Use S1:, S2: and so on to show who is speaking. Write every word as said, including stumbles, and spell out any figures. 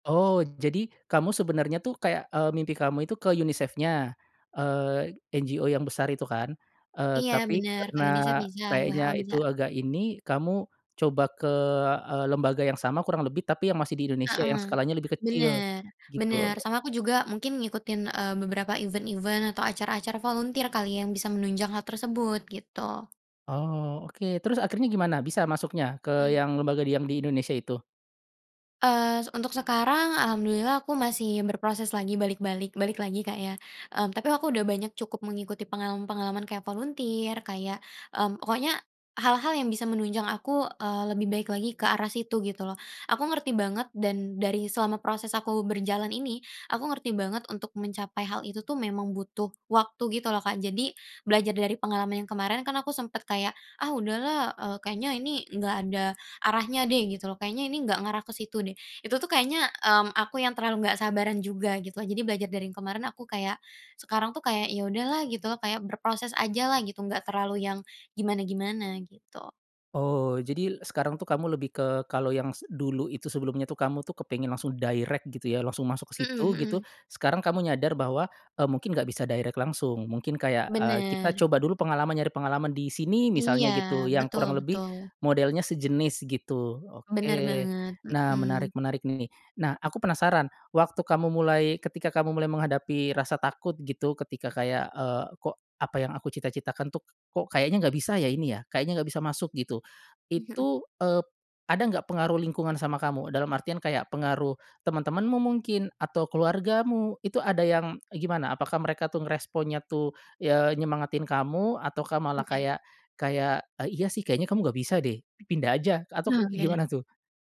S1: Oh, jadi, kamu sebenarnya tuh kayak, eee, mimpi kamu itu ke UniSafe-nya? Eee, NGO yang besar itu kan, eee,
S2: Iya,
S1: tapi,
S2: benar, ke
S1: karena
S2: UniSAFE bisa,
S1: kayaknya
S2: W-H-O bisa.
S1: itu agak ini, kamu coba ke, eee, lembaga yang sama kurang lebih, tapi yang masih di Indonesia, yang
S2: Heeh,
S1: skalanya lebih kecil,
S2: benar benar,
S1: gitu.
S2: sama aku juga mungkin ngikutin, eee, beberapa event-event atau acara-acara volunter kali, yang bisa menunjang hal tersebut, gitu.
S1: Oh, oke, terus akhirnya gimana, bisa masuknya ke
S2: Mmm.
S1: yang lembaga di yang di Indonesia itu?
S2: Eee, se untuk sekarang alhamdulillah aku masih berproses lagi balik-balik balik lagi Kak ya. Mmm, tapi aku udah banyak cukup mengikuti pengalaman-pengalaman kayak volunter, kayak, mmm, pokoknya hal-hal yang bisa menunjang aku, eee, lebih baik lagi ke arah situ gitu loh. Aku ngerti banget, dan dari selama proses aku berjalan ini, aku ngerti banget untuk mencapai hal itu tuh memang butuh waktu gitu loh Kak. Jadi, belajar dari pengalaman yang kemarin kan aku sempet kayak, "Ah udahlah, eee, kayaknya ini nggak ada arahnya deh," gitu loh, "kayaknya ini nggak ngarah ke situ deh." Itu tuh kayaknya, mmm, aku yang terlalu nggak sabaran juga gitulah. Jadi belajar dari yang kemarin, aku kayak, sekarang tuh kayak, ya udahlah gitu loh, kayak berproses ajalah, gitu, nggak terlalu yang gimana-gimana gitu.
S1: Oh, jadi sekarang tuh kamu lebih ke kalau yang se dulu itu sebelumnya tuh kamu tuh kepengen langsung direct gitu ya, langsung masuk ke
S2: Mhm
S1: situ, gitu.
S2: mhm.
S1: Sekarang kamu nyadar bahwa, e mungkin nggak bisa direct langsung, mungkin kayak, eee, kita
S2: Benar.
S1: coba dulu pengalaman, nyari pengalaman di sini,
S2: Iya,
S1: misalnya gitu, yang
S2: betul
S1: kurang lebih
S2: betul.
S1: modelnya sejenis gitu, oke.
S2: Benar banget,
S1: Nah
S2: mmm.
S1: menarik menarik nih. Nah, aku penasaran, waktu kamu mulai ketika kamu mulai menghadapi rasa takut gitu, ketika kayak, eee, "Kok apa yang aku cita-citakan tuh, kok kayaknya nggak bisa ya ini ya, kayaknya nggak bisa masuk gitu,"
S2: Mhm.
S1: itu, eee, ada nggak pengaruh lingkungan sama kamu, dalam artian kayak pengaruh teman-temanmu mungkin, atau keluargamu, itu ada yang, e gimana, apakah mereka tuh ngeresponnya tuh, ya nyemangatin kamu ataukah malah
S2: Iya.
S1: kaya kayak, e "Iya sih, kayaknya kamu nggak bisa deh, pindah aja," atau kek
S2: Oh, iya.
S1: gimana tuh?